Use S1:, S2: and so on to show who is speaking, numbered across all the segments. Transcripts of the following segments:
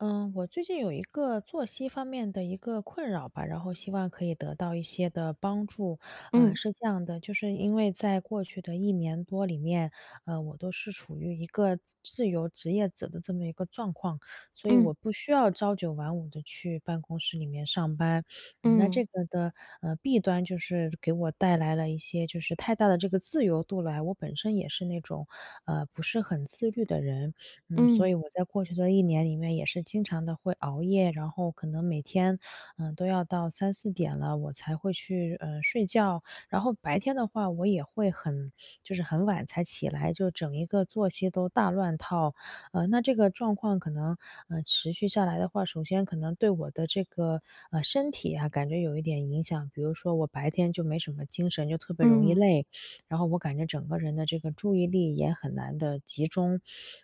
S1: 呃，我最近有一个作息方面的一个困扰吧，然后希望可以得到一些的帮助。呃，
S2: 嗯。
S1: 是这样的，就是因为在过去的1年多里面，呃，我都是处于一个自由职业者的这么一个状况，所以我
S2: 嗯。
S1: 不需要朝9晚5地去办公室里面上班。嗯，那这
S2: 嗯。
S1: 个的，呃，弊端就是给我带来了一些就是太大的这个自由度来，我本身也是那种，呃，不是很自律的人。嗯，所以
S2: 嗯。
S1: 我在过去的1年里面也是经常的会熬夜，然后可能每天，嗯，都要到3-4点了，我才会去，呃，睡觉。然后白天的话我也会很就是很晚才起来，就整一个作息都大乱套。呃，那这个状况可能，嗯，持续下来的话，首先可能对我的这个，呃，身体啊感觉有一点影响，比如说我白天就没什么精神，就特别容易
S2: 嗯。
S1: 累，然后我感觉整个人的注意力也很难的集中。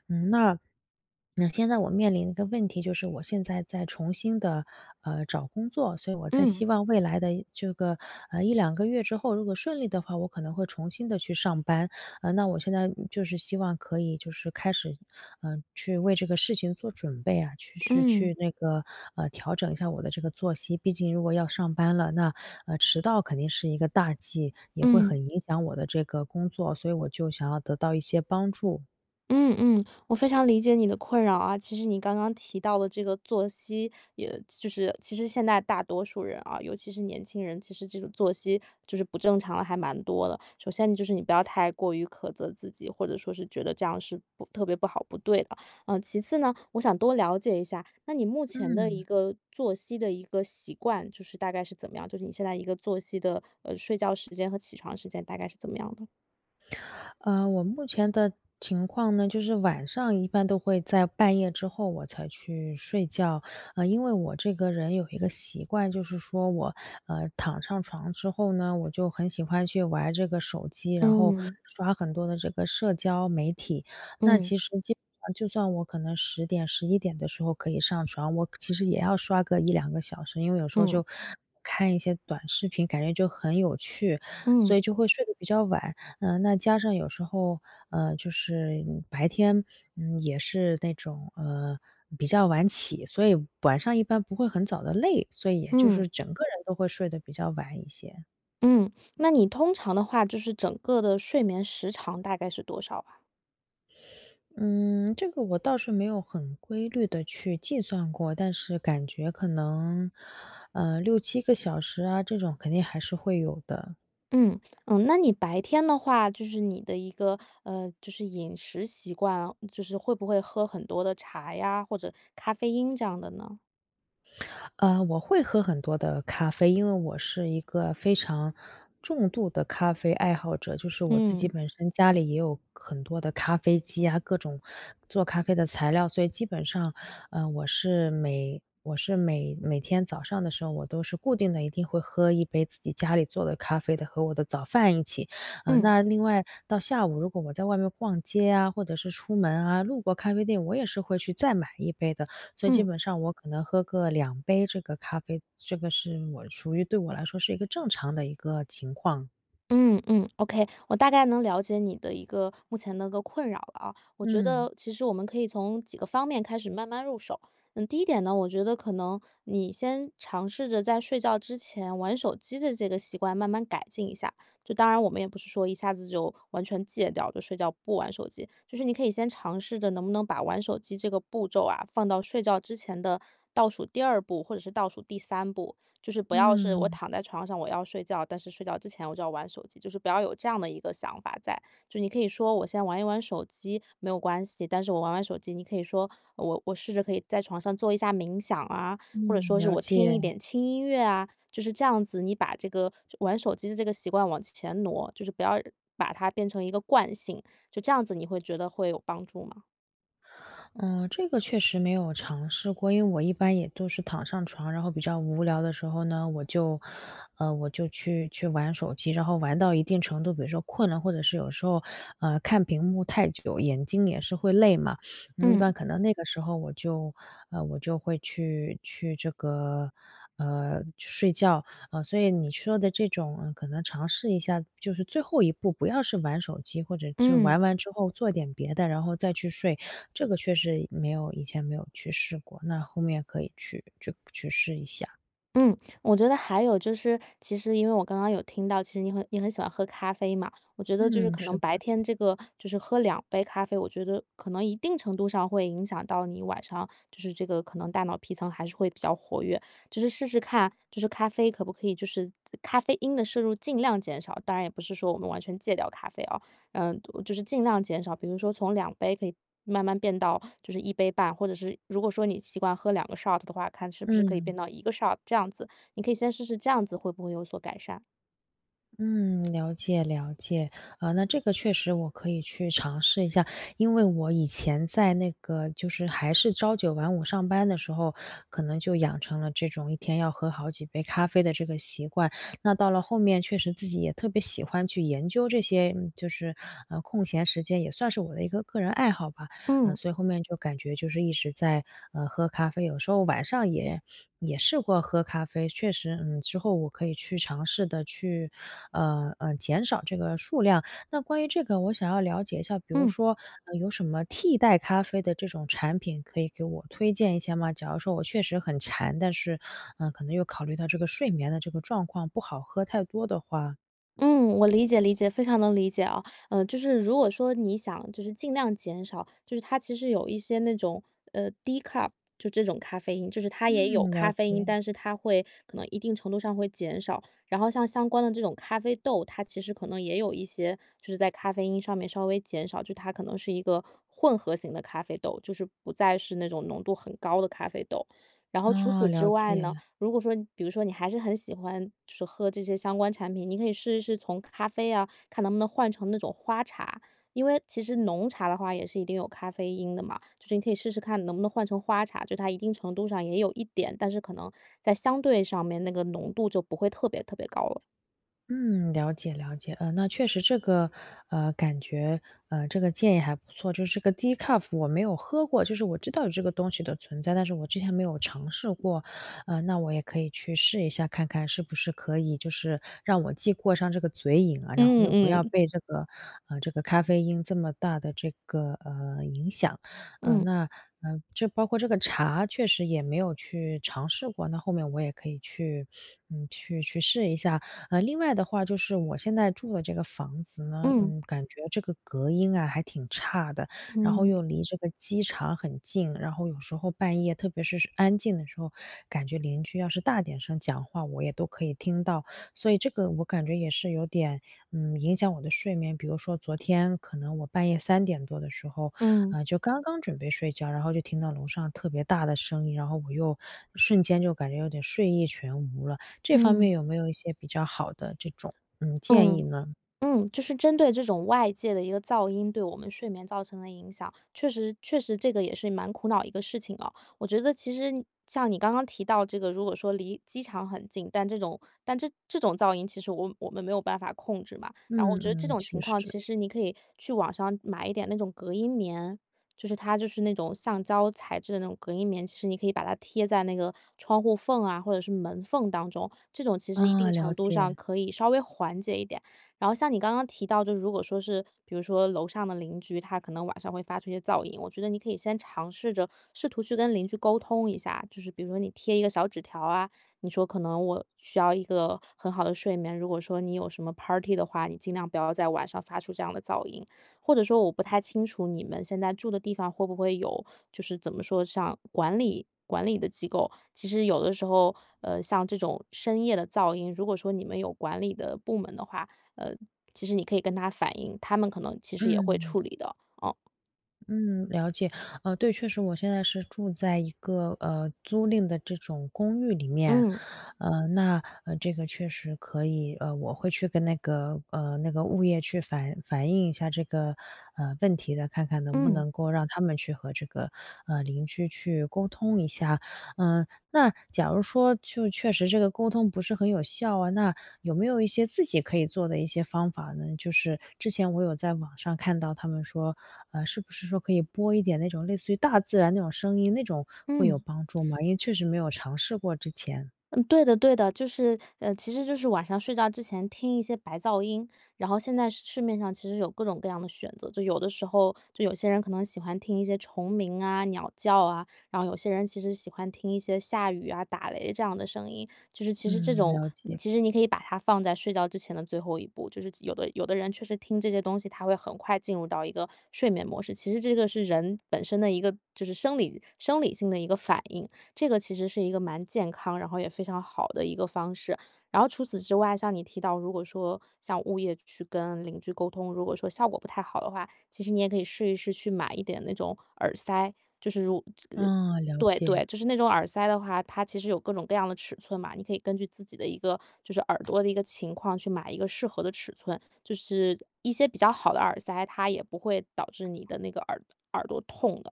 S1: 嗯，那那现在我面临的一个问题就是我现在在重新的，呃，找工作，所以我在
S2: 嗯。
S1: 希望未来的这个，呃，1-2个月之后，如果顺利的话，我可能会重新的去上班。呃，那我现在就是希望可以就是开始，呃，去为这个事情做准备啊，去去
S2: 嗯。
S1: 去那个，呃，调整一下我的这个作息，毕竟如果要上班了，那，呃，迟到肯定是一个大忌，也会
S2: 嗯。
S1: 很影响我的这个工作，所以我就想要得到一些帮助。
S2: 嗯嗯。我非常理解你的困扰啊，其实你刚刚提到的这个作息，也就是其实现在大多数人，啊，尤其是年轻人，其实这种作息就是不正常了，还蛮多的。首先就是你不要太过于苛责自己，或者说是觉得这样是不特别不好，不对的。嗯，其次呢，我想多了解一下，那你目前的一
S1: 嗯。
S2: 个作息的一个习惯，就是大概是怎么样？就是你现在一个作息的呃，睡觉时间和起床时间大概是怎么样的？
S1: 呃，我目前的情况呢，就是晚上一般都会在半夜之后我才去睡觉。呃，因为我这个人有一个习惯，就是说我，呃，躺上床之后呢，我就很喜欢去玩这个手机，然后
S2: 嗯。
S1: 刷很多的这个社交媒体。那
S2: 嗯。
S1: 其实基本上就算我可能10点、11点的时候可以上床，我其实也要刷个1-2个小时，因为有时候
S2: 嗯。
S1: 就看一些短视频，感觉就很有趣，所
S2: 嗯。
S1: 以就会睡得比较晚。嗯，那加上有时候呃，就是白天，嗯，也是那种呃，比较晚起，所以晚上一般不会很早的累，所以也就
S2: 嗯。
S1: 是整个人都会睡得比较晚一些。
S2: 嗯。那你通常的话就是整个的睡眠时长大概是多少啊？
S1: 嗯，这个我倒是没有很规律地去计算过，但是感觉可能，呃，6-7个小时啊，这种肯定还是会有的。
S2: 嗯。嗯，那你白天的话就是你的一个呃，就是饮食习惯啊，就是会不会喝很多的茶呀，或者咖啡因这样的呢？
S1: 呃，我会喝很多的咖啡，因为我是一个非常重度的咖啡爱好者。就是我自己
S2: 嗯。
S1: 本身家里也有很多的咖啡机啊，各种做咖啡的材料，所以基本上，呃，我是每我是每每天早上的时候我都是固定的一定会喝一杯自己家里做的咖啡的，和我的早饭一起。呃，
S2: 嗯。
S1: 那另外到下午，如果我在外面逛街啊，或者是出门啊，路过咖啡店，我也是会去再买一杯的，所以基
S2: 嗯。
S1: 本上我可能喝个2杯这个咖啡，这个是我属于对我来说是一个正常的一个情况。
S2: 嗯，嗯，OK。我大概能了解你的一个目前那个困扰了啊。我觉
S1: 嗯。
S2: 得其实我们可以从几个方面开始慢慢入手。嗯，第一点呢，我觉得可能你先尝试着在睡觉之前玩手机这这个习惯慢慢改进一下，就当然我们也不是说一下子就完全戒掉，就睡觉不玩手机。就是你可以先尝试着能不能把玩手机这个步骤啊，放到睡觉之前的倒数第2步，或者是倒数第3步。就是不要是我
S1: 嗯。
S2: 躺在床上，我要睡觉，但是睡觉之前我就要玩手机，就是不要有这样的一个想法在。就你可以说我先玩一玩手机，没有关系，但是我玩玩手机你可以说我我试着可以在床上做一下冥想啊，或者
S1: 嗯，
S2: 说是
S1: 了
S2: 我听一
S1: 解。
S2: 点轻音乐啊，就是这样子，你把这个玩手机的这个习惯往前挪，就是不要把它变成一个惯性，就这样子，你会觉得会有帮助吗？
S1: 呃，这个确实没有尝试过，因为我一般也都是躺上床，然后比较无聊的时候呢，我就呃，我就去去玩手机，然后玩到一定程度比如说困了，或者是有时候，呃，看屏幕太久，眼睛也是会累嘛，一般
S2: 嗯。
S1: 可能那个时候我就呃，我就会去去这个，呃，睡觉。呃，所以你说的这种可能尝试一下就是最后一步，不要是玩手机，或者之
S2: 嗯。
S1: 玩完之后做点别的，然后再去睡，这个确实没有以前没有去试过，那后面可以去去去试一下。
S2: 嗯，我觉得还有就是其实因为我刚刚有听到，其实你很你很喜欢喝咖啡嘛，我觉得就是
S1: 嗯，
S2: 可
S1: 是
S2: 能白
S1: 的。
S2: 天这个就是喝2杯咖啡，我觉得可能一定程度上会影响到你晚上就是这个可能大脑皮层还是会比较活跃。就是试试看，就是咖啡可不可以就是咖啡因的摄入尽量减少，当然也不是说我们完全戒掉咖啡，啊，嗯，就是尽量减少，比如说从2杯可以慢慢变到就是1杯半，或者是如果说你习惯喝两个 shot 的话，看是不是可以
S1: 嗯。
S2: 变到一个 shot 这样子。你可以先试试这样子会不会有所改善。
S1: 嗯，了解了解，呃，那这个确实我可以去尝试一下，因为我以前在那个就是还是朝9晚5上班的时候，可能就养成了这种一天要喝好几杯咖啡的这个习惯。那到了后面确实自己也特别喜欢去研究这些，嗯，就是空闲时间，也算是我的一个个人爱好吧。嗯，
S2: 嗯。
S1: 所以后面就感觉就是一直在，呃，喝咖啡，有时候晚上也也试过喝咖啡，确实，嗯，之后我可以去尝试的去，呃，呃，减少这个数量。那关于这个，我想要了解一下，比如
S2: 嗯。
S1: 说，嗯，有什么替代咖啡的这种产品可以给我推荐一下吗？假如说我确实很馋，但是，嗯，可能又考虑到这个睡眠的这个状况不好喝太多的话
S2: 嗯，我理解理解，非常能理解啊，嗯，就是如果说你想就是尽量减少，就是它其实有一些那种，呃，decaf 就这种咖啡因，就是它也有
S1: 嗯，了
S2: 咖啡因，
S1: 解。
S2: 但是它会可能一定程度上会减少。然后像相关的这种咖啡豆，它其实可能也有一些就是在咖啡因上面稍微减少，就它可能是一个混合型的咖啡豆，就是不再是那种浓度很高的咖啡豆。然后除
S1: 哦，
S2: 此之
S1: 了
S2: 外呢，
S1: 解。
S2: 如果说比如说你还是很喜欢喝这些相关产品，你可以试一试从咖啡啊，看能不能换成那种花茶。因为其实浓茶的话也是一定有咖啡因的嘛，就是你可以试试看能不能换成花茶，就它一定程度上也有一点，但是可能在相对上面那个浓度就不会特别特别高了。
S1: 嗯，了解了解，呃，那确实这个，呃，感觉，呃，这个建议还不错，就是这个 decaf 我没有喝过，就是我知道有这个东西的存在，但是我之前没有尝试过。呃，那我也可以去试一下看看是不是可以就是让我既过上这个嘴瘾啊，然后
S2: 嗯
S1: 又不要
S2: 嗯。
S1: 被这个呃，这个咖啡因这么大的这个，呃，影响。呃，
S2: 嗯。
S1: 那，呃，就包括这个茶确实也没有去尝试过，那后面我也可以去嗯，去去试一下。呃，另外的话就是我现在住的这个房子呢，
S2: 嗯。
S1: 嗯，感觉这个隔音啊还挺差的，然后又
S2: 嗯。
S1: 离这个机场很近，然后有时候半夜，特别是安静的时候，感觉邻居要是大点声讲话我也都可以听到，所以这个我感觉也是有点，嗯，影响我的睡眠。比如说昨天可能我半夜3点多的时候，
S2: 嗯。
S1: 呃，就刚刚准备睡觉，然后就听到楼上特别大的声音，然后我又瞬间就感觉有点睡意全无了，这方面
S2: 嗯。
S1: 有没有一些比较好的这种，嗯，建议
S2: 嗯，
S1: 呢？
S2: 嗯，就是针对这种外界的一个噪音对我们睡眠造成的影响，确实确实这个也是蛮苦恼的一个事情啊。我觉得其实像你刚刚提到这个如果说离机场很近，但这种但这这种噪音其实我我们没有办法控制嘛。然后我觉得这
S1: 嗯嗯，
S2: 种
S1: 确
S2: 情况
S1: 实。
S2: 其实你可以去网上买一点那种隔音棉，就是它就是那种橡胶材质的那种隔音棉，其实你可以把它贴在那个窗户缝啊或者是门缝当中，这种其实一
S1: 啊，
S2: 定程
S1: 了
S2: 度上
S1: 解。
S2: 可以稍微缓解一点。然后像你刚刚提到，就是如果说是，比如说楼上的邻居，他可能晚上会发出一些噪音，我觉得你可以先尝试着试图去跟邻居沟通一下，就是比如说你贴一个小纸条啊，你说可能我需要一个很好的睡眠，如果说你有什么 party 的话，你尽量不要在晚上发出这样的噪音。或者说我不太清楚你们现在住的地方会不会有就是怎么说像管理管理的机构。其实有的时候，呃，像这种深夜的噪音，如果说你们有管理的部门的话，呃，其实你可以跟他反映，他们可能其实也会
S1: 嗯。
S2: 处理的。哦。
S1: 嗯，了解。呃，对，确实我现在是住在一个，呃，租赁的这种公寓里面。
S2: 嗯。
S1: 呃，那呃，这个确实可以呃，我会去跟那个呃，那个物业去反反映一下这个，呃，问题的，看看能不
S2: 嗯。
S1: 能够让他们去和这个，呃，邻居去沟通一下。呃，那假如说就确实这个沟通不是很有效啊，那有没有一些自己可以做的一些方法呢？就是之前我有在网上看到他们说，呃，是不是说可以播一点那种类似于大自然那种声音，那种会有
S2: 嗯。
S1: 帮助吗？因为
S2: 是
S1: 确实没有尝试过之前。
S2: 嗯，对的对的。就是呃，其实就是晚上睡觉之前听一些白噪音，然后现在市面上其实有各种各样的选择。就有的时候就有些人可能喜欢听一些虫鸣啊，鸟叫啊，然后有些人其实喜欢听一些下雨啊，打雷这样的声音，就是其实这
S1: 嗯，
S2: 种
S1: 了解。
S2: 其实你可以把它放在睡觉之前的最后一步。就是有的有的人确实听这些东西，他会很快进入到一个睡眠模式。其实这个是人本身的一个就是生理生理性的一个反应。这个其实是一个蛮健康，然后也非常好的一个方式。然后除此之外，像你提到，如果说像物业去跟邻居沟通，如果说效果不太好的话，其实你也可以试一试去买一点那种耳塞，就是如这
S1: 嗯，了
S2: 对
S1: 解。
S2: 对，就是那种耳塞的话，它其实有各种各样的尺寸嘛，你可以根据自己的一个就是耳朵的一个情况去买一个适合的尺寸，就是一些比较好的耳塞，它也不会导致你的那个耳耳朵痛的。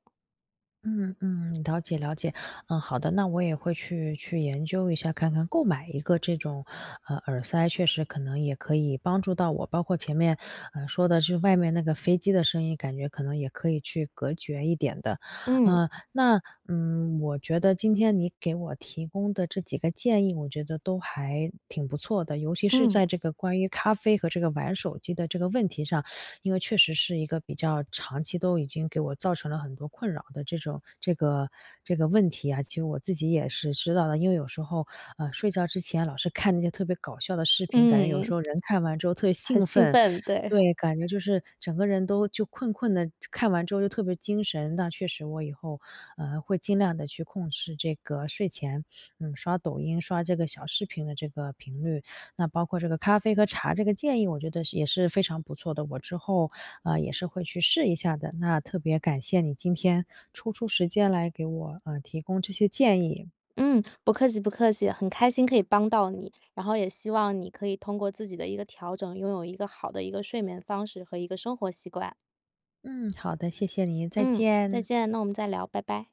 S1: 嗯嗯，了解了解，嗯，好的，那我也会去去研究一下，看看购买一个这种，呃，耳塞，确实可能也可以帮助到我。包括前面，呃，说的是外面那个飞机的声音，感觉可能也可以去隔绝一点的。
S2: 嗯。
S1: 呃，那，嗯，我觉得今天你给我提供的这几个建议，我觉得都还挺不错的，尤其是
S2: 嗯。
S1: 在这个关于咖啡和这个玩手机的这个问题上，因为确实是一个比较长期都已经给我造成了很多困扰的这种这个这个问题啊，其实我自己也是知道的，因为有时候，呃，睡觉之前老是看那些特别搞笑的视频，感觉有
S2: 嗯。
S1: 时候人看完之后特
S2: 很
S1: 兴
S2: 兴
S1: 奋，
S2: 奋，对。
S1: 对，感觉就是整个人都就困困的，看完之后就特别精神。那确实我以后会尽量地去控制这个睡前，嗯，刷抖音、刷这个小视频的这个频率，那包括这个咖啡和茶这个建议我觉得也是非常不错的，我之后，呃，也是会去试一下的，那特别感谢你今天抽出时间来给我，嗯，提供这些建议。
S2: 嗯，不客气不客气，很开心可以帮到你，然后也希望你可以通过自己的一个调整，拥有一个好的一个睡眠方式和一个生活习惯。
S1: 嗯，好的，谢谢你，再
S2: 嗯，再
S1: 见。
S2: 见，那我们再聊，拜拜！